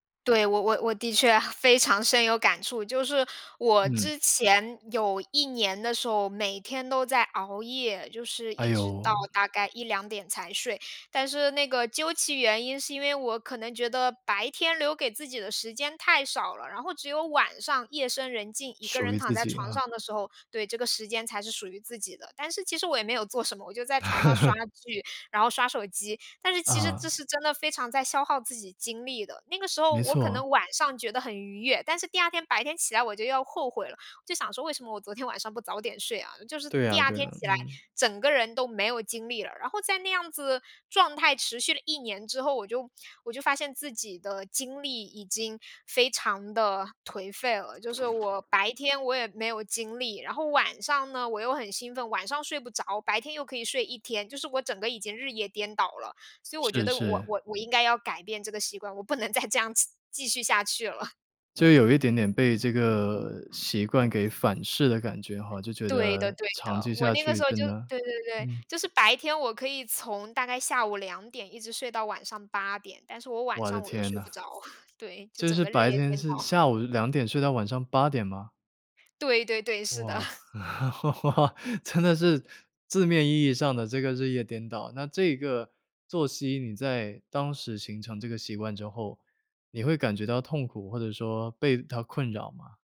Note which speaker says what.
Speaker 1: 对，我我我的确非常深有感触，就是我
Speaker 2: 嗯。
Speaker 1: 之前有1年的时候，每天都在熬夜，就是
Speaker 2: 哎
Speaker 1: 一直
Speaker 2: 哟。
Speaker 1: 到大概1-2点才睡，但是那个究其原因，是因为我可能觉得白天留给自己的时间太少了，然后只有晚上夜深人静，一个
Speaker 2: 属
Speaker 1: 人
Speaker 2: 于
Speaker 1: 躺
Speaker 2: 自
Speaker 1: 在
Speaker 2: 己
Speaker 1: 床
Speaker 2: 啊。
Speaker 1: 上的时候，对，这个时间才是属于自己的。但是其实我也没有做什么，我就在床上刷 剧，然后刷手机，但是其实这
Speaker 2: 嗯。
Speaker 1: 是真的非常在消耗自己精力的。那个时候
Speaker 2: 没
Speaker 1: 我可
Speaker 2: 错。
Speaker 1: 能晚上觉得很愉悦，但是第2天白天起来我就后悔了，就想说为什么我昨天晚上不早点睡啊，就是
Speaker 2: 对啊
Speaker 1: 第2
Speaker 2: 对
Speaker 1: 天
Speaker 2: 啊，
Speaker 1: 起来，
Speaker 2: 嗯。
Speaker 1: 整个人都没有精力了。然后在那样子状态持续了1年之后，我就我就发现自己的精力已经非常地颓废了。就是我白天我也没有精力，然后晚上呢我又很兴奋，晚上睡不着，白天又可以睡1天，就是我整个已经日夜颠倒了。所以我觉
Speaker 2: 是
Speaker 1: 得我
Speaker 2: 是。
Speaker 1: 我我应该要改变这个习惯，我不能再这样子，继续下去了。
Speaker 2: 就有一点点被这个习惯给反噬的感觉吼，就觉
Speaker 1: 对的
Speaker 2: 得
Speaker 1: 对
Speaker 2: 长
Speaker 1: 的，
Speaker 2: 期
Speaker 1: 我
Speaker 2: 下
Speaker 1: 那个
Speaker 2: 去
Speaker 1: 时候
Speaker 2: 真
Speaker 1: 就
Speaker 2: 的
Speaker 1: 对对对，
Speaker 2: 嗯。
Speaker 1: 就是白天我可以从大概下午2点一直睡到晚上8点，但是我晚
Speaker 2: 我的
Speaker 1: 上我又
Speaker 2: 天
Speaker 1: 睡
Speaker 2: 呐。
Speaker 1: 不着。对，就
Speaker 2: 就
Speaker 1: 整
Speaker 2: 是
Speaker 1: 个日
Speaker 2: 白
Speaker 1: 夜
Speaker 2: 天
Speaker 1: 颠
Speaker 2: 是
Speaker 1: 倒。
Speaker 2: 下午2点睡到晚上8点吗？
Speaker 1: 对对对，是的。
Speaker 2: 哇。真的是字面意义上的这个日夜颠倒。那这个作息你在当时形成这个习惯之后，你会感觉到痛苦或者说被它困扰吗？